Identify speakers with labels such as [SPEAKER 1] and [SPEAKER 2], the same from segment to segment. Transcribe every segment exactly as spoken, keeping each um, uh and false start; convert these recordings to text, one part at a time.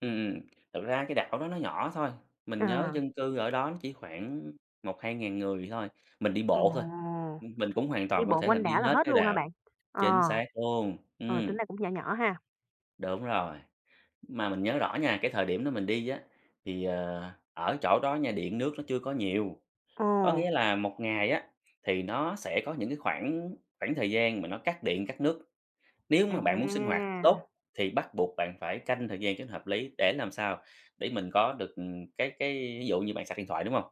[SPEAKER 1] Ừm, thực ra cái đảo đó nó nhỏ thôi, mình nhớ
[SPEAKER 2] À.
[SPEAKER 1] dân cư ở đó nó chỉ khoảng một hai ngàn người thôi, mình đi
[SPEAKER 2] Ồ!
[SPEAKER 1] bộ thôi, ưm, mình cũng hoàn
[SPEAKER 2] Đi
[SPEAKER 1] toàn có
[SPEAKER 2] bộ
[SPEAKER 1] thể là
[SPEAKER 2] quanh
[SPEAKER 1] đi
[SPEAKER 2] đảo là
[SPEAKER 1] hết
[SPEAKER 2] hết
[SPEAKER 1] cái
[SPEAKER 2] luôn hả
[SPEAKER 1] đạo
[SPEAKER 2] bạn? Ờ,
[SPEAKER 1] chính xác luôn,
[SPEAKER 2] rồi
[SPEAKER 1] ừm.
[SPEAKER 2] tính ra cũng nhỏ nhỏ ha.
[SPEAKER 1] Đúng rồi, mà mình nhớ rõ nha, cái thời điểm đó mình đi á, thì, ờ, ở chỗ đó nha, điện nước nó chưa có nhiều, có
[SPEAKER 2] Ồ.
[SPEAKER 1] nghĩa là một ngày á, thì nó sẽ có những cái khoảng khoảng thời gian mà nó cắt điện, cắt nước. Nếu mà bạn muốn sinh hoạt
[SPEAKER 2] À!
[SPEAKER 1] tốt thì bắt buộc bạn phải canh thời gian cho nó hợp lý để làm sao để mình có được, ừm, cái cái ví dụ như bạn sạc điện thoại, đúng hông?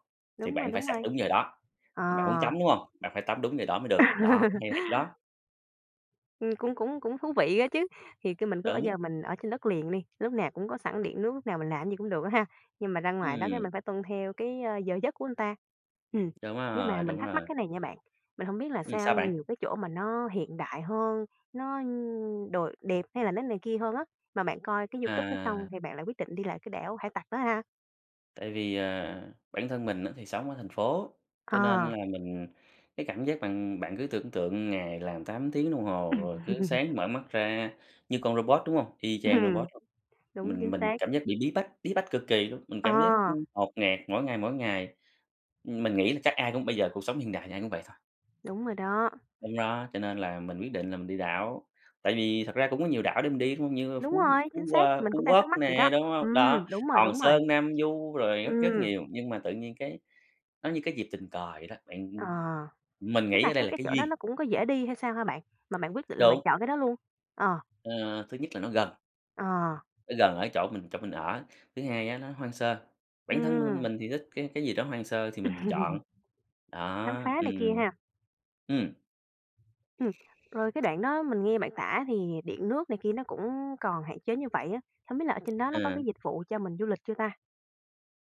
[SPEAKER 1] Thì
[SPEAKER 2] Đúng rồi,
[SPEAKER 1] bạn phải
[SPEAKER 2] đúng
[SPEAKER 1] sạc
[SPEAKER 2] rồi.
[SPEAKER 1] đúng giờ đó,
[SPEAKER 2] Ờ.
[SPEAKER 1] bạn muốn tắm, đúng hông? Bạn phải tắm đúng giờ đó mới được, đó, hay là hay chỗ đó.
[SPEAKER 2] Ừm, cũng cũng cũng thú vị á chứ, thì cứ mình cứ ở
[SPEAKER 1] Đúng.
[SPEAKER 2] giờ mình ở trên đất liền đi, lúc nào cũng có sẵn điện nước, lúc nào mình làm cái gì cũng được á ha, nhưng mà ra ngoài đó cái
[SPEAKER 1] Ừm.
[SPEAKER 2] mình phải tuân theo cái, ơ, giờ giấc của ừn ta. Ừm,
[SPEAKER 1] Đúng
[SPEAKER 2] nhưng mà
[SPEAKER 1] rồi,
[SPEAKER 2] mình
[SPEAKER 1] đúng
[SPEAKER 2] thắc mắc
[SPEAKER 1] rồi.
[SPEAKER 2] cái này nha bạn, mình hông biết là
[SPEAKER 1] Ừm,
[SPEAKER 2] sao
[SPEAKER 1] sao bạn?
[SPEAKER 2] nhiều cái chỗ mà nó hiện đại hơn, nó nh đồi đẹp hay là nó này kia hơn á, mà bạn coi cái YouTube đó xong
[SPEAKER 1] À.
[SPEAKER 2] thì bạn lại quyết định đi lại cái Đảo Hải Tặc đó ha?
[SPEAKER 1] Tại vì, à, bản thân mình á thì sống ở thành phố, cho nên là
[SPEAKER 2] À!
[SPEAKER 1] mình cái cảm giác bạn bạn cứ tưởng tượng ngày làm tám tiếng đồng hồ
[SPEAKER 2] Ừm.
[SPEAKER 1] rồi cứ sáng mở mắt ra như con robot, đúng hông? Y chang
[SPEAKER 2] Ừm,
[SPEAKER 1] robot,
[SPEAKER 2] đúng, chính
[SPEAKER 1] mình mình
[SPEAKER 2] xác.
[SPEAKER 1] cảm giác bị bí bách, bí bách cực kỳ luôn, mình
[SPEAKER 2] Ờ.
[SPEAKER 1] cảm giác, ưm, ngột ngạt mỗi ngày, mỗi ngày, ưm, mình nghĩ là chắc ai cũng bây giờ cuộc sống hiện đại thì ai cũng vậy thôi.
[SPEAKER 2] Đúng rồi đó.
[SPEAKER 1] Đúng đó, cho nên là mình quyết định là mình đi đảo, tại vì thật ra cũng có nhiều đảo để mình đi, đúng hông? Như
[SPEAKER 2] Đúng
[SPEAKER 1] Phú
[SPEAKER 2] rồi,
[SPEAKER 1] Phú
[SPEAKER 2] chính xác,
[SPEAKER 1] qua
[SPEAKER 2] mình
[SPEAKER 1] Phú
[SPEAKER 2] cũng đang
[SPEAKER 1] Quốc
[SPEAKER 2] thắc mắc vậy
[SPEAKER 1] nè,
[SPEAKER 2] đó.
[SPEAKER 1] đúng hông?
[SPEAKER 2] Ừm,
[SPEAKER 1] Đó,
[SPEAKER 2] đúng rồi,
[SPEAKER 1] Hòn
[SPEAKER 2] đúng rồi.
[SPEAKER 1] Sơn, Nam Du rồi rất rất
[SPEAKER 2] Ừm.
[SPEAKER 1] nhiều, nhưng mà tự nhiên cái nó như cái dịp tình cờ vậy đó, bạn,
[SPEAKER 2] Ờ,
[SPEAKER 1] ưm mình
[SPEAKER 2] tức
[SPEAKER 1] nghĩ
[SPEAKER 2] là
[SPEAKER 1] ở đây
[SPEAKER 2] cái
[SPEAKER 1] là
[SPEAKER 2] cái
[SPEAKER 1] cái
[SPEAKER 2] chỗ đó
[SPEAKER 1] duyên.
[SPEAKER 2] nó cũng có dễ đi hay sao hả bạn? Mà bạn quyết định là bạn
[SPEAKER 1] Đúng.
[SPEAKER 2] chọn cái đó luôn? Ờ.
[SPEAKER 1] Ờ, thứ nhất là nó gần.
[SPEAKER 2] Ờ.
[SPEAKER 1] Nó gần ở chỗ mình chỗ mình ở, thứ hai á nó hoang sơ, bản thân
[SPEAKER 2] Ừm.
[SPEAKER 1] mình thì thích cái cái gì đó hoang sơ thì mình chọn,
[SPEAKER 2] Khám
[SPEAKER 1] đó,
[SPEAKER 2] phá này
[SPEAKER 1] ừm.
[SPEAKER 2] kia ha.
[SPEAKER 1] Ừm.
[SPEAKER 2] Ừm, rồi cái đoạn đó mình nghe bạn tả thì điện, nước này kia nó cũng còn hạn chế như vậy á, không biết là ở trên đó nó có cái
[SPEAKER 1] À.
[SPEAKER 2] dịch vụ cho mình du lịch chưa ta?